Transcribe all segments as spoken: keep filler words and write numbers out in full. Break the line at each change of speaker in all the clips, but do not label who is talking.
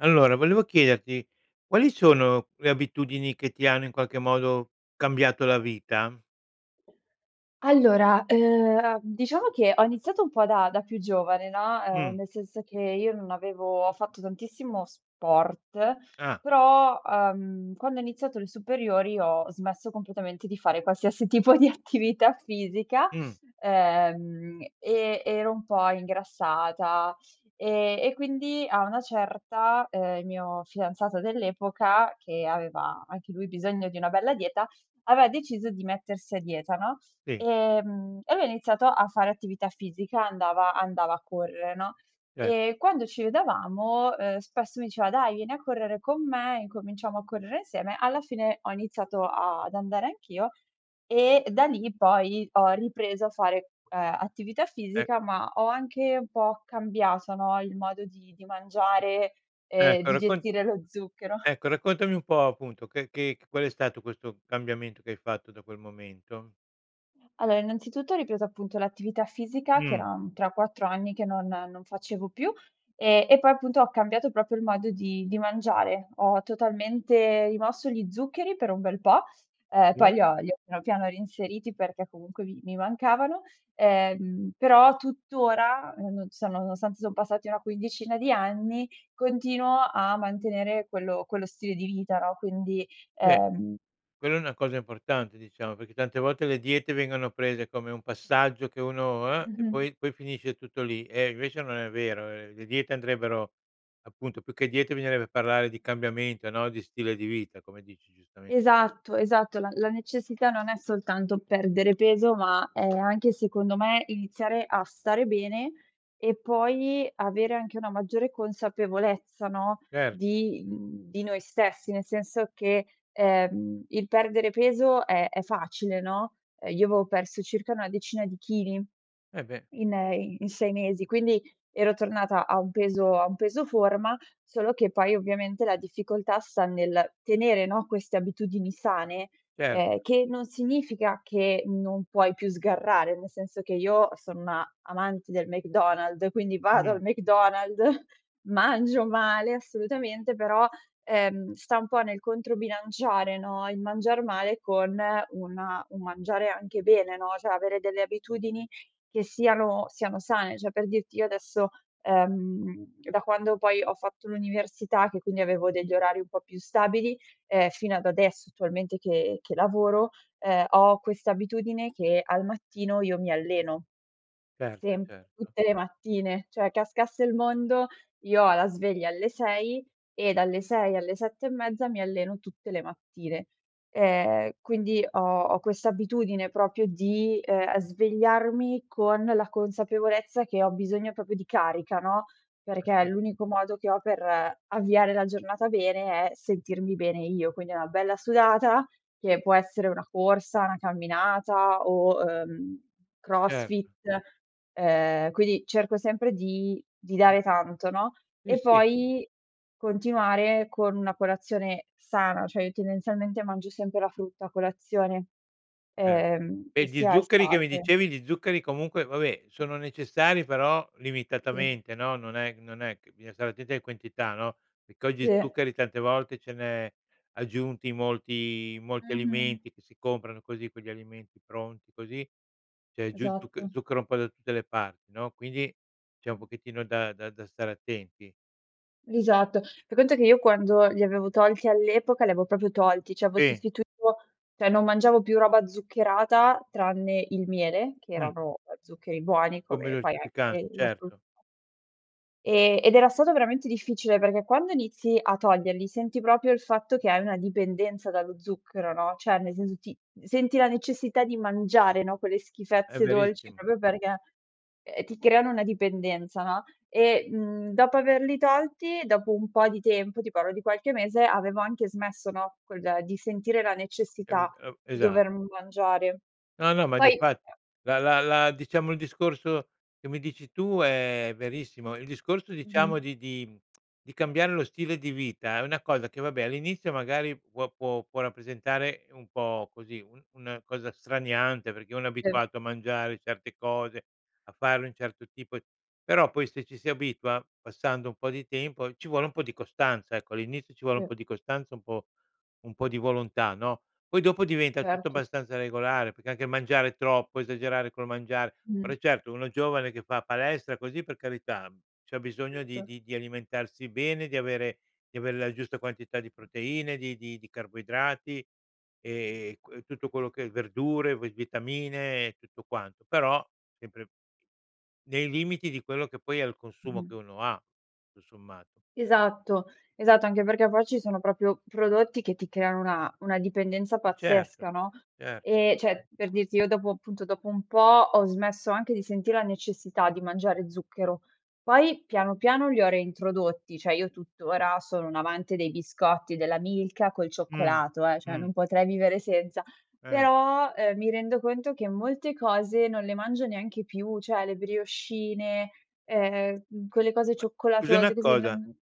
Allora, volevo chiederti, quali sono le abitudini che ti hanno in qualche modo cambiato la vita?
Allora, ehm, uhm, diciamo che ho iniziato un po' da da più giovane no, ehm,
Mh.
nel senso che io non avevo fatto tantissimo sport,
Ah.
però, ehm, quando ho iniziato le superiori ho smesso completamente di fare qualsiasi tipo di attività fisica.
Mh.
Ehm, e e ero un po' ingrassata, ehm, e quindi a una certa, ehm, il mio fidanzato dell'epoca, che aveva anche lui bisogno di una bella dieta, aveva deciso di mettersi a dieta, no.
Sì.
E mhmm, e lui ha iniziato a fare attività fisica, andava andava a correre no,
Ce
e quando ci vedevamo, ehm, spesso mi diceva: "Dai, vieni a correre con me, incominciamo a correre insieme", alla fine ho iniziato ad andare anch'io, e da lì poi ho ripreso a fare, ehm, attività
Eh.
fisica, ma ho anche un po' cambiato no, il modo di di mangiare e
Ecco
di
raccon
gestire lo zucchero.
ecco raccontami un po' appunto che che qual è stato questo cambiamento che hai fatto da quel momento?
Allo innanzitutto, ho ripreso, appunto, l'attività fisica che
Mh.
era, mhmm, tre quattro anni che non non facevo più. Ehm, e poi, appunto, ho cambiato propio il modo di di mangiare. Ho totalmente rimosso gli zuccheri per un bel po'. Uhm, poi,
Sì.
li ho li ho piano, piano reinseriti perché, comunque, mi mi mancavano. Ehm, però, tuttora, non so, nonostante, son passati una quindicina di anni continuo a mantenere quello quello stile di vita, no, quindi,
Beh,
uhm
quella è una cosa importante, diciamo, peché tante volte le diete vengono prese come un passaggio che uno, uhm, e,
Mh-mh.
poi poi finisce tutto lì. Eh, invece non è vero. Uhm, le diete andrebbero appunto, più che diete bisognerebbe parlare di cambiamento, no, di stile di vita, come dici giustamente tu.
Esatto. Esatto. La la necessità non è soltanto perdere peso, ma è anche, secondo me, iniziare a stare bene, e poi, avere anche una maggiore consapevolezza, no,
Cer
di mhmm, di noi stessi. Nel senso che, ehm, il perdere peso è è facile, no, io avevo perso circa una decina di chili,
Eh, beh.
in i in sei mesi, quindi, ero tornata a un peso a un peso forma, solo che poi, ovviamente, la difficoltà sta nel tenere, no, queste abitudini sane,
Cer
uhm, che non significa che non puoi più sgarrare, nel senso, che io sono una amante del McDonald's, quindi, vado
Mh.
al McDonald's, mangio male, assolutamente, però, uhm, sta un po' nel controbilanciare, no, il mangiar male con una un mangiare anche bene, no, ceh, avere delle abitudini che siano siano sane. ceh, per dirti io adesso uhm, da quando poi ho fatto l'università, che quindi avevo degli orari un po' più stabili, ehm, fino ad adesso, attualmente che che lavoro, uhm, ho questa abitudine che al mattino io mi alleno.
Cert
Semp
certo.
tutte le mattine. ceh, cascasse il mondo, io ho la sveglia alle sei, e dalle sei alle sette e mezza, mi alleno tutte le mattine. Ehm, quindi, ho ho questa abitudine propio di, uhm, svegliarmi con la consapevolezza che ho bisogno popio di carica, no,
Eh,
perché
s
l'unico modo che ho per avviare la giornata bene, è sentirmi bene io. Quindi, è una bella sudata, che può essere una corsa, 'na camminata o, uhm,
Certo.
crossfit. Uhm, quindi, cerco sempre di di
Mh.
dare tanto, no,
Sì,
e
sì.
poi, continuare con una colazione sana, cioè, io tendenzialmente mangio sempre la frutta a colazione,
Er
ehm,
E,
che
di
sia
zuccheri che mi
estate.
dicevi di zuccheri, comunque, vabbè, sono necessari, però,
Sì.
limitatamente, no, non è non è c bisogna stare attenti ae quentità, no, peché oggi
Sì.
zuccheri tante volte ce n'è aggiunti molti i molti
Mh-mh.
alimenti che si comprano così, quegli alimenti pronti, così. C'è giù zuc
Esatto.
zucchero un po' da tutte le parti, no, quindi, c'è un
Mh.
pochettino da da da stare attenti.
Esatto. Fai conto che io quando li avevo tolti all'epoca, li avevo popio tolti, ceh, aevo
Sì.
sostituito ceh, non mangiavo più roba zuccherata, tranne il miele, che
Mh.
erano, uhm, zuccheri buoni,
Come
come poi anche
dolcifican
quelli della frutta.
certo.
Ehm, ed era stato veramente difficile, perché quando inizi a toglierli senti propio il fatto che hai una dipendenza dallo zucchero, no, ceh, ne senso ti senti la necessità di mangiare, no, quelle
È
schifezze dolci
verissimo.
propio perché, uhm, ti creano una dipendenza, no, e, mhmm, dopo averli tolti, dopo un po' di tempo, ti pallo di qualche mese, avevo anche smesso, no, quel di sentire la
Eu
necessità
o
di
Esa
dover mangiare.
No, no, ma di
Poi
fatti. La la la diciamo il discorso che mi dici tu è verissimo, il discorso, diciamo,
Mh-mh.
di di di cambiare lo stile di vita è una cosa che, vabbé, all'inizio, magari, può può può rappresentare un po' così un un cosa straniante, perché uno è
E
abituato a mangiare certe cose, a fare un certo tipo però, poi, se ci si abitua, passando un po' di tempo, ci vuole un po' di costanza. Ecco, all'inizio ci vuole un
Mh.
po' di costanza, un po' un po' di volontà, no, poi, dopo diventa tutto
Certo.
abbastanza regolare, peché anche il mangiare troppo, esagerare col mangiare. Ora,
Mh.
eh certo, uno giovane, che fa palestra, così, per carità, mhmm, c'ha bisogno di
Etto.
di di alimentarsi bene, di avere di ave la giusta quantità di proteine, di di di carboidrati, ehm, qu e tutto quello che verdure, ve vitamine, e tutto quanto. Però, sempre, nei limiti di quello che poi è il consumo che
Mh-mh.
uno ha, tu sommato.
Esatto. Esatto. Anche perché, poi, ci sono propio prodotti che ti creano una una dipendenza
Certo,
pazzesca, no,
cer
ehm, ceh per dirti io dopo appunto, dopo un po', ho smesso anche di senti' la necessità di mangiare zucchero. Poi, piano, piano, li ho reintrodotti, ceh, io tuttora sono un amante dei biscotti della Milka col
Mh,
cioccolato, eh, ceh,
mh.
non potrei vivere senza.
Eh.
Però, uhm, mi rendo conto che molte cose non le mangio neanche più, ceh, le briochine, ehm, quelle cose
Ma scusa
cioccolatose,
una
così,
cosa,
non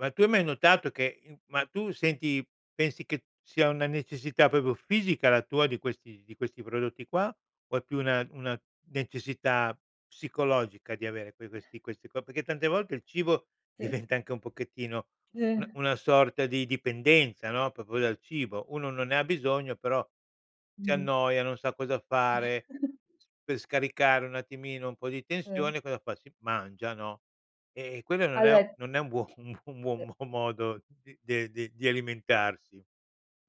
ma tu hai mai notato che, uhm ma tu senti pensi che sia una necessità popio fisica la tua di questi di questi prodotti qua, o è più una una necessità psicologica di avere, poi, questi questi qua? pecché tante volte il cibo
Sì.
diventa anche un pochettino un
Sì.
una sorta di dipendenza, no, popo dal cibo. Uno non ne ha bisogno, però, si
Mh-mh.
annoia, non sa cosa fare, pe scaricare un attimino un po' di
Eh.
tensione, cosa fa, si mangia, no, eh-eh, e quello non è
All
non è un buon un buo un buon
De
mo modo de di di alimentarsi.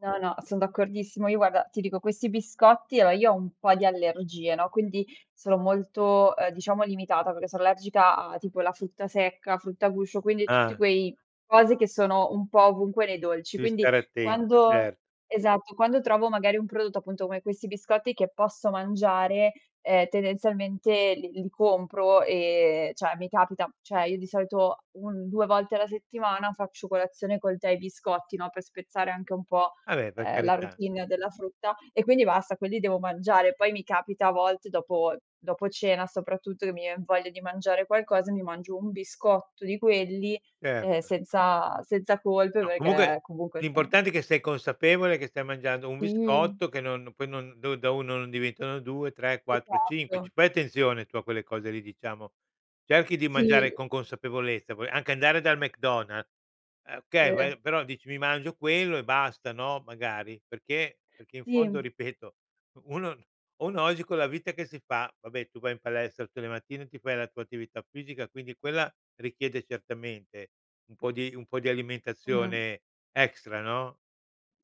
No, no. Son d'accordissimo. Io, guarda, ti dico questi biscotti a o io ho un po' di allergie, no, quindi sono molto, uhm, diciamo, limitata perché so allergica a tipo la frutta secca, frutta a guscio, quindi, tutti
Ah.
quei cose che sono un po' ovunque nei dolci,
Devi
quindi,
stare attenta,
quando
cert
Esatto. Quando trovo, magari, un prodotto, appunto, come questi biscotti che posso mangiare, ehm, tendenzialmente li li compro e ceh, mi capita cioè, io di solito un due volte alla settimana faccio colazione col tè e biscotti, no, pe' spezzare anche un po',
abè, per
uhm, la
carità.
routine della frutta, e quindi, basta quelli devo mangiare. Poi mi capita a volte dopo dopo cena soprattutto che mi vien voglia di mangiare qualcosa, mi mangio un biscotto di quelli, uhm,
Certo.
senza senza colpe
No, comunque,
peché, comunque, se no
l'importante è che sei consapevole che stai mangiando un
Sì.
biscotto, che non poi non do da uno non diventano due tre quattro cinque.
Esatto.
C Fai attenzione tu a quelle cose lì, diciamo. Cerchi di
Sì.
mangiare con consapevolezza, puoi anche andare dal McDonal uhm, okay,
Sì.
vai però, dici: "Mi mangio quello e basta.", no, magari. Perché? Perché in fondo,
Sì.
ripeto, uno uno oggi con la vita che si fa vabbè, tu vai in palestra tutte le mattine, ti fai la tua attività fisica, quindi, quella richiede certamente un po' di un po' di
Mh-mh.
alimentazione extra, no,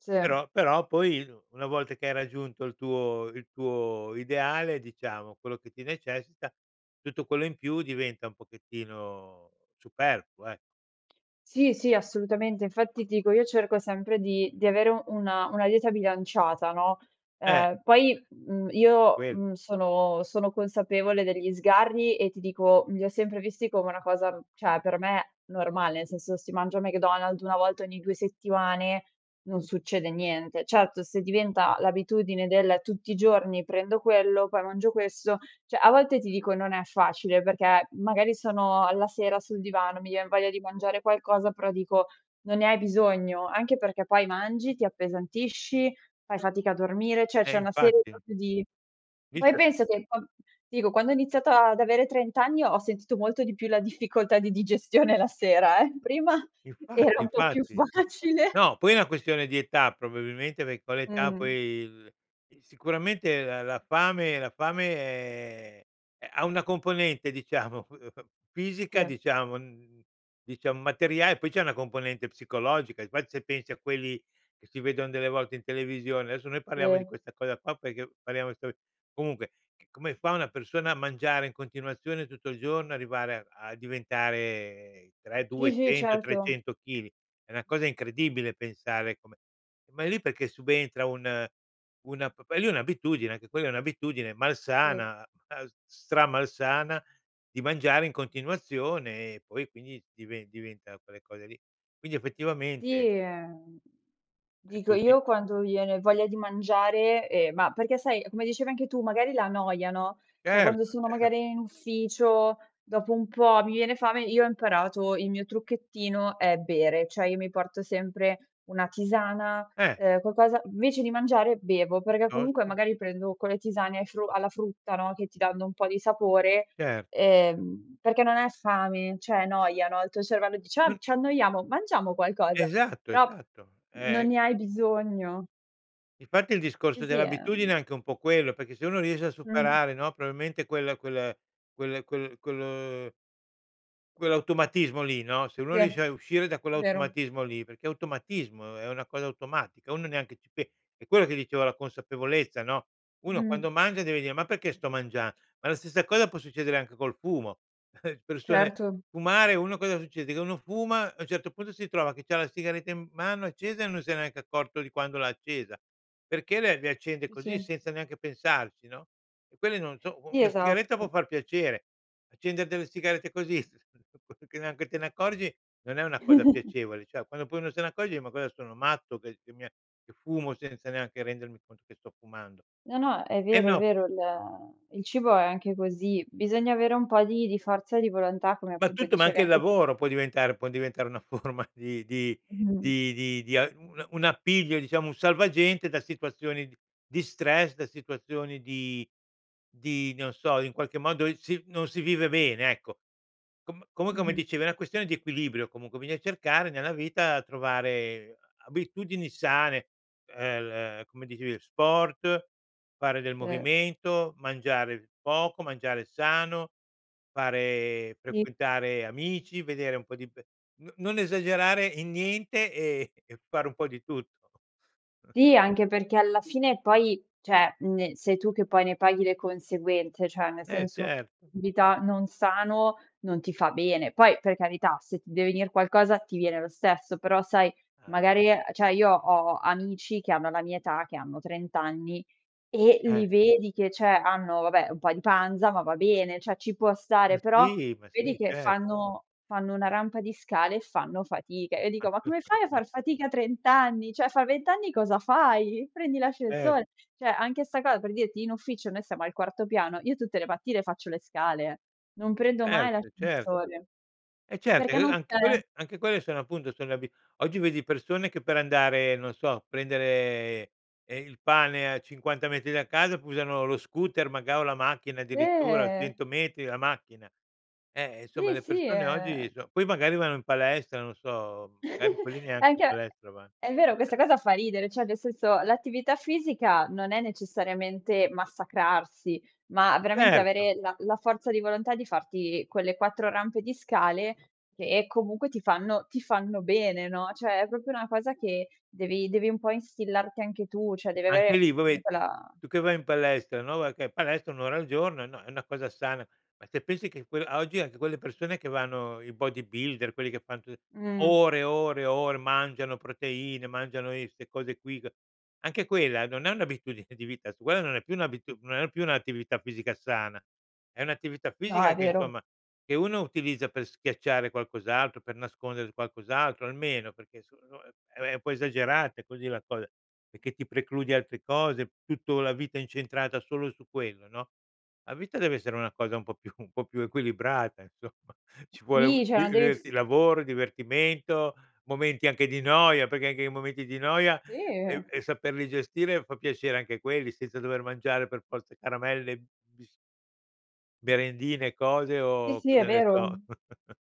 Se.
però però, poi, una volta che hai raggiunto il tuo il tuo ideale, diciamo, quello che ti necessita, tutto quello in più diventa un pochettino superfluo, ecco.
Sì, sì. Assolutamente. Infatti, ti dico, io cerco sempre di di avere una una dieta bilanciata, no,
Eh.
uhm, poi, mhmm, io,
Quel
mhmm, sono sono consapevole degli sgarri, e ti dico, mhmm, li ho sempre visti come una cosa, ceh, per me normale, nel senso se si mangia McDonald's una volta ogni due settimane, non succede niente. Certo, se diventa l'abitudine del: “Tutti i giorni prendo quello, poi, mangio questo.“ ceh, a volte ti dico non è facile perché, magari, sono alla sera sul divano, mi vien voglia di mangiare qualcosa, però dico: “Non ne hai bisogno.“ Anche perché, poi, mangi, ti appesantisci, fai fatica a dormire, ceh,
Eh,
c'è una serie
infatti.
popio di Poi,
Vice
penso che con ti dico, quando ho iniziata ad avere trent anni, ho sentito molto di più la difficoltà di digestione la sera, eh. Prima era
Infatti,
un po' più
infatti.
facile.
No, poi, è una questione di età, probabilmente, pec con l'età, poi,
Mh.
il i sicuramente la la fame la fame è uh, ha una componente, diciamo, f fisica,
Sì.
diciamo, n diciam materiae e poi, c'è una componente psicologica, e infatti se pensi a quelli che si vedon delle volte in televisione adesso, noi paliamo di
Se.
questa cosa qua peché paliamo sol comunque, c come fa una persona a mangiare in continuazione tutto il giorno, arrivare a a diventare tra i
Sì, sì,
duecento
certo.
trecento chili. È una cosa incredibile pensare come ma, lì è peché subentra un una p p lì è un'abitudine, anche quella è un'abitudine,
Sì.
malsana, as stramalsana, di mangiare in continuazione, e poi, quindi, dive-diventa quelle cose lì. Quindi, effettivamente
Sì, ehm,
è
dico,
così.
io quando viene voglia di mangiare ehm, ma perché, sai, è come dicevi anche tu, magari la noia, no, ceh,
Certo,
quando sono,
cer
magari, in ufficio, dopo un po' mi viene fame, io ho imparato il mio trucchettino è bere. ceh, io mi porto sempre una tisana,
Eh.
uhm, quacosa invece, di mangiare bevo perché, comunque,
Piuttosto
magari, prendo con le tisane ai fru alla frutta, no, che ti danno un po' di sapore
Certo.
ehm, perché non è fame, ceh è noia, no, il tuo cervello dice: "Ah,
Un
ci annoiamo, mangiamo qualcosa?"
Esatto,
Però,
esatto.
non
Ehm
ne hai bisogno.
Infatti, il
Sì,
discorso
sì,
dell'abitudine è
ehm
anche un po' quello, peché se uno riesce a
Mh.
superare, no, proabimente quel quel quel quel quel quell'automatismo lì, no, se uno
Se,
riesce a
è
uscire da
vero.
quell'automatismo lì peché è automatismo, è una cosa automatica, uno neanche ci pe e, quello dicevo la consapevolezza, no, uno quando
Mh-mh.
mangia deve dire: "Ma peché sto mangian" Ma, la stessa cosa può succedere anche col fumo, persone
Certo.
fumare uno che cosa succede? Che uno fuma, a un certo punto si trova che c'ha la sigaretta in m mano accesa, e non se n'è neanche accorto di quando l'ha accesa, perché le le accende
Sì,
così,
sì.
senza neanche pensarci, no. E quelle non so u
Sì,
una sigaretta può
esatto.
far piacere. Accende delle sigarette così, s che neanche te ne accorgi, non è una cosa piacevole, cioè, quando uno poi se ne accorge: "E ma cosa sono matto? Che che mi è che fumo senza neanche rendermi conto che sto fumando?"
No, no. È
Eh,
vero, è
no.
vero. Il il cibo è anche così, bisogna avere un po' di di forza di volontà come,
Ma
appunto,
tutto, ma
dicevi
anche il
anche
lavoro può diventare può diventare una forma di di
Mh-mh.
di di a una un appiglio, diciamo, un salvagente da situazioni d di stress, da situazioni di di non so, in qualche modo, si non si vive bene, ecco. Com comunq mi
Mh-mh.
dicevi è una questione di equilibrio, comunque, bisogna cercare nella vita, trovare a abitudini sane, uhm, l come dicevi, sport, fare del
Sì.
movimento, mangiare poco, mangiare sano, fare
Sì.
frequentare amici, vedere un po' di pe n non esagerare in niente, e e fare un po' di tutto.
Sì, anche perché alla fine, poi cioè, mhmm, sei tu che poi ne paghi le conseguenze, ceh, ne
Eh,
senso
certo.
vita non sano, non ti fa bene. Poi, per carità, se ti deve venir qualcosa ti viene lo stesso, però, sai,
Ah, beh.
magari ceh, io ho amici che hanno la mia età, che hanno trent anni, e
Eh.
li vedi che ceh, hanno, vabbè, un po' in panza ma va bene, ceh, ci può
Ma
stare, però,
sì, ma sì.
vedi che
Cer
fanno fanno una rampa di scale, e fanno fatica, e io dico: "Ma come fai a far
[unintelligible]
fatica a trent anni? ceh, fa vent anni cosa fai? Prendi
Cer
l'ascensor" ceh, anche 'sta co per dirti, in ufficio noi stiamo al quarto piano, io tutte le mattine faccio le scale, non prendo mai
Ert Cert
l'ascensore
Eh, cert
perché
e,
non
anche
c'è.
quelle anche quelle sono appunto, sono abi oggi, vedi persone che per andare, non so, a prendere, ehm, il pane a cinquanta metri da casa p usano lo scooter, maga o la macchina, addirittura,
Eh.
cento metri, la macchina. Ehm, e, insomma,
Sì,
le
sì.
persone oggi
Ehm
so poi, magari, vanno in palestra, non so, magari, quelli neanche in
Anche
palestra vann
È vero, questa cosa fa ridere, ceh, nel senso, l'attività fisica non è necessariamente massacrarsi, ma veramente
Certo.
avere la la forza di volontà di farti quelle quattro rampe di scale che, comunque, ti fanno ti fanno bene, no, ceh, è propio una cosa che devi devi un po' instillarti anche tu, ceh, devi
Anche
avere,
lì, vabbè,
comunque, la
tu che vai in palestra no, [unintelligible] palestra un ora al giorno, no c è una cosa sana. Ma, se pensi che quel a oggi, anche quelle persone che vanno i bodybuilder, quelli che fan tu
Mh.
ore, ore, ore, mangiano proteine, mangiano i 'ste cose qui, c anche quella non è un'abitudine di vita su quella non è più un'abitudu non è più un'attività fisica sana. È un'attività
No,
fisica
è
che
vero.
somma, che uno utilizza per schiacciare qualcos'altro, per nascondere qualcos'altro, almeno, peché so no è è un po' esagerate così la cos peché ti precludi altre cose, tutto la vita incentrata solo su quello, no. La vita deve essere una cosa un po' più un po' più equilibrata, insomma. Ci vuole u
Sì, ceh,
il
non devi f
diverti il lavoro, il divertimento, momenti anche di noia, peché anche i momenti di noia, e
Sì.
e saperli gestire, fa piacere anche quelli senza dover mangiare per forza caramelle, bis merendine, cose,
Sì,
o
sì, è
cosa ne so?
vero.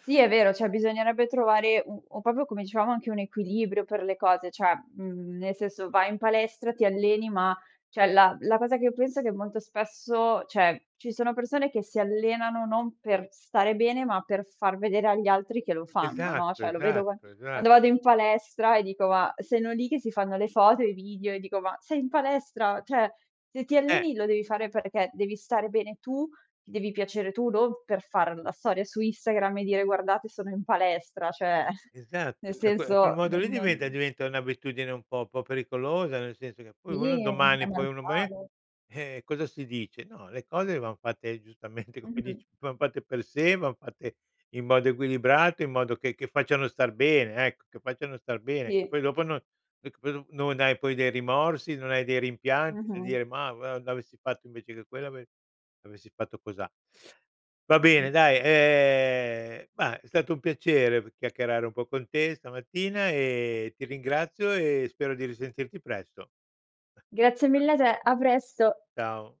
Sì, è vero. ceh, bisognerebbe trovare u u popio come dicevamo anche un equilibrio per le cose. ceh, mhmm, nel senso, vai in palestra, ti alleni, ma ceh, la la cosa che io penso è che, molto spesso, ceh, ci siano persone che si allenano non per stare bene, ma per far vedere agli altri che lo fanno, no,
Esatto,
ceh, lo vedo qua
esatto, esa
quando vado in palestra, e dico ma sono lì che si fanno le foto e i video, e dico "Ma sei in palestra! ceh, se ti
Eh.
alleni, lo devi fare perché devi stare bene tu, ti devi piacere tu, non per far la storia su Instagram, e dire: 'Guardate, sono in palestra'." ceh,
Esat
nel
ceh, que quel
senso,
modo lì
non
diventa diventa un'abitudine un po' po' pericolosa, nel senso che, poi, uno
Sì. È
domani, poi, uno me
normale.
eh, cosa si dice? No, le cose van fatte giustamente come
Mh-mh.
dici, van fatte per sé van fatte in modo equilibrate, in modo che che facciano star bene, ecco, che facciano star bene, che
Sì.
poi dopo non [unintelligible] non hai dei rimorsi, non hai dei rimpianti, a
Mh-mh.
dire ma:“ [unintelligible] non avessi fatto invece che quello, ave avessi fatto cosà.“ Va bene
Mh-mh.
dai, ehm, ma, è stato un piacere p chiacchierare un po' con te stamattina, e ti ringrazio, e spero di risentirti presto.
Grazie mille a te. A presto.
Ciao.